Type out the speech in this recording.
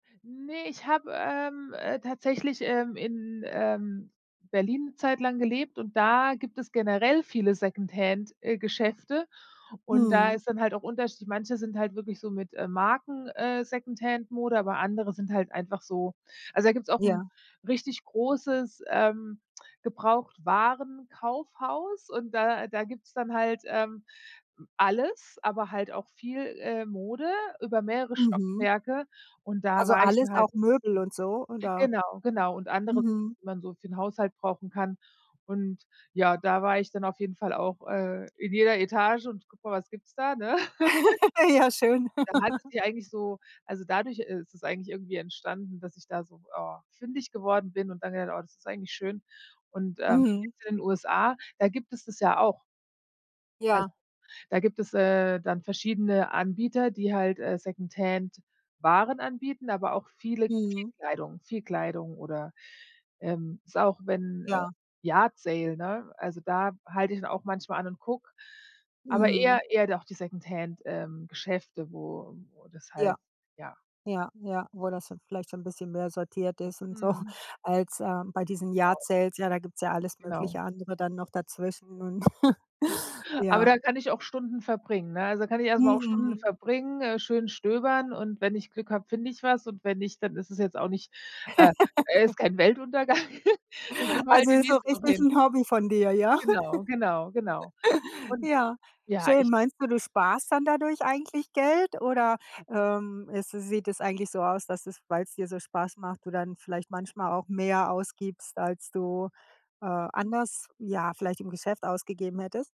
Ne, ich habe, ähm, äh, tatsächlich, ähm, in, ähm, Berlin 'ne Zeit lang gelebt und da gibt es generell viele Secondhand, äh, Geschäfte und da Mhm. ist dann halt auch Unterschied, manche sind halt wirklich so mit, äh, Marken, äh, Secondhand-Mode, aber andere sind halt einfach so also da gibt's auch 'n Ja. richtig großes, ähm, Gebrauchtwarenkaufhaus und da da gibt's dann halt, ähm, alles, aber halt auch viel, äh, Mode über mehrere Mhm. Stockwerke und da Also war ich alles, dann halt auch Möbel und so, oder? genau, genau, und andere, Mhm. die man so für 'n Haushalt brauchen kann. Und ja, da war ich dann auf jeden Fall auch, äh, in jeder Etage und gucke mal was gibt's da, ne? Ja schön. Dann hatte ich die eigentlich so also dadurch, äh, ist es eigentlich irgendwie entstanden, dass ich da so, ah, fündig geworden bin und dann habe ich gedacht: „Oh, das ist eigentlich schön.“ Und, ähm, Mhm. gibt's in den USA da gibt es das ja auch. Also, Ja. da gibt es, äh, dann verschiedene Anbieter, die halt, äh, Secondhand-Waren anbieten, aber auch viele viel Mhm. Kleidung viel Kleidung oder, ähm, es ist auch, wenn, äh, Ja. Yard sale, ne? Also, da halt ich dann auch manchmal an und gucke, aber Mhm. eher eher doch die Secondhand, ähm, Geschäfte, wo wo das Ja. halt, ja. Ja, ja, wo das dann vielleicht so 'n bisschen mehr sortiert ist und so Mhm. als, äh, bei diesen Yard Genau. sales, ja, da gibt's ja alles Genau. mögliche andere dann noch dazwischen und Ja. Aber ja. da kann ich auch Stunden verbringen, ne? Also, da kann ich erstmal auch Stunden Mhm. verbringen, äh, schön stöbern und, wenn ich Glück habe, finde ich was und wenn nicht, dann ist es jetzt auch nicht äh, ist kein Weltuntergang, dann gehen wir halt Also die ist so nächste Woche richtig hin. 'n Hobby von dir, ja? Genau, genau, genau. Und, Ja, ja, ich schön. Meinst du, du sparst dann dadurch eigentlich Geld? Oder, ähm, es sieht es eigentlich so aus, dass es, weil's dir so Spaß macht, du dann vielleicht manchmal auch mehr ausgibst, als du, äh, Mhm. anders, ja, vielleicht im Geschäft ausgegeben hättest?